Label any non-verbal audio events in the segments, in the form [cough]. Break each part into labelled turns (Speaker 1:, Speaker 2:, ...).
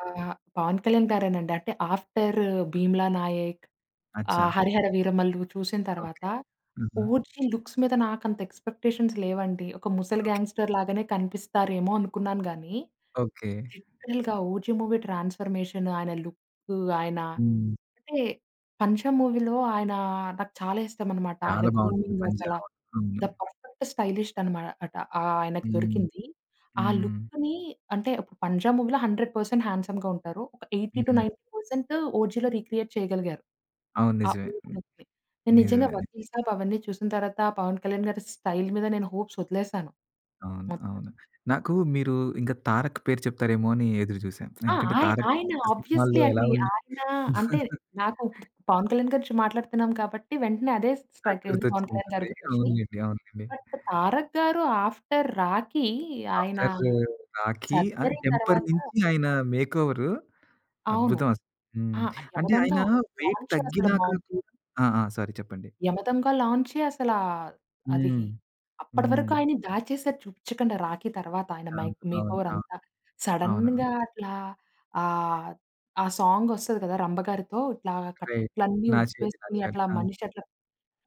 Speaker 1: ఆహ్, పవన్ కళ్యాణ్ గారే నండి. అంటే ఆఫ్టర్ 'భీమ్లా నాయక్'
Speaker 2: అచ్చా!
Speaker 1: ఆహ్, 'హరిహర వీరమల్లు' చూసిన తరువాత
Speaker 2: ఓకె. హుహు.
Speaker 1: 'ఓజీ' లుక్స్ మీద నాకంత ఎక్స్‌పెక్టేషన్స్ లేవండి. ఒక ముసలి గ్యాంగ్‌స్టర్ లాగానే కనిపిస్తారేమో అనుకున్నాను గాని,
Speaker 2: ఓకె.
Speaker 1: లిటరల్‌గా ఓజీ మూవీ ట్రాన్స్ఫర్మేషన్, ఆయన లుక్కు, ఆయన
Speaker 2: హ్మ్.
Speaker 1: అంటే 'పంజా' మూవీలో ఆయనా, నాకు చాలా ఇష్టమనమాట. ఆయన
Speaker 2: చాలా బాగుంటుంది.
Speaker 1: గ్రూమింగ్
Speaker 2: పంజా
Speaker 1: అసల
Speaker 2: అవును,
Speaker 1: ద
Speaker 2: అవును.
Speaker 1: పర్ఫెక్ట్ స్టైలిష్డ్ అనమా అట ఆయనకు
Speaker 2: హ్మ్.
Speaker 1: దొరికింది. ఆ
Speaker 2: హ్మ్.
Speaker 1: లుక్‌ని అంటే పంజా మూవీలో 100% హ్యాండ్సమ్‌గా ఉంటారు. ఎయిటీ టూ
Speaker 2: హ్మ్.
Speaker 1: నైన్టీ పర్సెంట్ ఓజీలో రీక్రియేట్ చేయగలిగారు.
Speaker 2: అవును.
Speaker 1: ఆ
Speaker 2: నిజమే.
Speaker 1: [unintelligible] నేను నిజంగా
Speaker 2: నిజమే.
Speaker 1: 'వకీల్ సాబ్' అవన్నీ చూసిన తర్వాత ఆ పవన్ కళ్యాణ్ గారి స్టైల్ మీద నేను హోప్స్ వదిలేసాను.
Speaker 2: అవును,
Speaker 1: మొత్తం.
Speaker 2: అవును. నాకు మీరు ఇంక తారక్ పేరు చెప్తారేమో అని ఎదురు చూసా,
Speaker 1: ఆ!
Speaker 2: ఎందుకంటే
Speaker 1: ఆయ్
Speaker 2: తారక్
Speaker 1: ఆయన
Speaker 2: కొత్త
Speaker 1: ఆబ్వియస్లీ
Speaker 2: సినిమాల్లో ఎలా
Speaker 1: అండి.
Speaker 2: ఉంది
Speaker 1: ఆయన అంటే
Speaker 2: [giggles]
Speaker 1: నాకు పవన్ కళ్యాణ్ గారి గురించి మాట్లాడుతున్నాం కాబట్టి వెంటనే అదే
Speaker 2: నాకు
Speaker 1: స్ట్రైక్ అయింది,
Speaker 2: గుర్తొచ్చి
Speaker 1: పవన్ కళ్యాణ్ గారి
Speaker 2: ఉంటుంది.
Speaker 1: గురించి.
Speaker 2: అవునులెండి. అవునులెండి.
Speaker 1: బట్ తారక్ గారు ఆఫ్టర్ 'రాఖీ' ఆయన
Speaker 2: ఆఫ్టర్ 'రాఖీ' ఆహ్,
Speaker 1: సర్జరీ
Speaker 2: 'టెంపర్'
Speaker 1: తర్వాత
Speaker 2: నుంచి ఆయన మేకోవర్
Speaker 1: అవును.
Speaker 2: అద్భుతం అసలు.
Speaker 1: ఆ!
Speaker 2: హ్మ్. అంటే
Speaker 1: యమదొంగ
Speaker 2: ఆయన వెయిట్
Speaker 1: లాంచ్ అసలు
Speaker 2: తగ్గినాక
Speaker 1: బాగుంది.
Speaker 2: కూ ఆ! ఆ! సారీ చెప్పండి.
Speaker 1: యమదొంగ లాంచే అసల అది
Speaker 2: హ్మ్.
Speaker 1: అప్పటి
Speaker 2: హ్మ్.
Speaker 1: వరకు ఆయన దాచేసారు చూపిచ్చకండా రాఖీ తర్వాత ఆయన
Speaker 2: అవును,
Speaker 1: మైక్
Speaker 2: అవును,
Speaker 1: మేకోవర్
Speaker 2: అవును.
Speaker 1: అంత.
Speaker 2: అవును.
Speaker 1: సడెన్‌గా అట్లా ఆహ్, ఆ సాంగ్ వస్తది కదా! రంబ గారితో ఇట్లా
Speaker 2: రైట్.
Speaker 1: కట్లన్ని
Speaker 2: నాచోరి
Speaker 1: ఉప్పేసుకొని
Speaker 2: నాచోరి.
Speaker 1: అట్లా
Speaker 2: ఆ!
Speaker 1: మనిషి అట్లా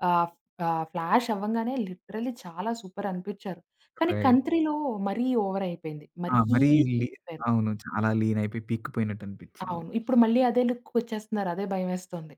Speaker 1: ఆహ్, ఆహ్, ఫ్లాష్ అవ్వంగానే లిటరల్లీ చాలా సూపర్ అనిపిచ్చారు. కానీ
Speaker 2: రైట్.
Speaker 1: కంత్రీలో మరి ఓవర్ అయిపోయింది
Speaker 2: ఆ!
Speaker 1: మరీ
Speaker 2: మరీ లీ
Speaker 1: అయిపోయారు.
Speaker 2: అవును. చాలా లీన్ అయిపోయి పీక్కు పోయినట్టు అనిపిచ్చింది.
Speaker 1: అవును ఇప్పుడు మళ్ళీ అదే లుక్‌కి వచ్చేస్తున్నారు అదే భయం వేస్తుంది.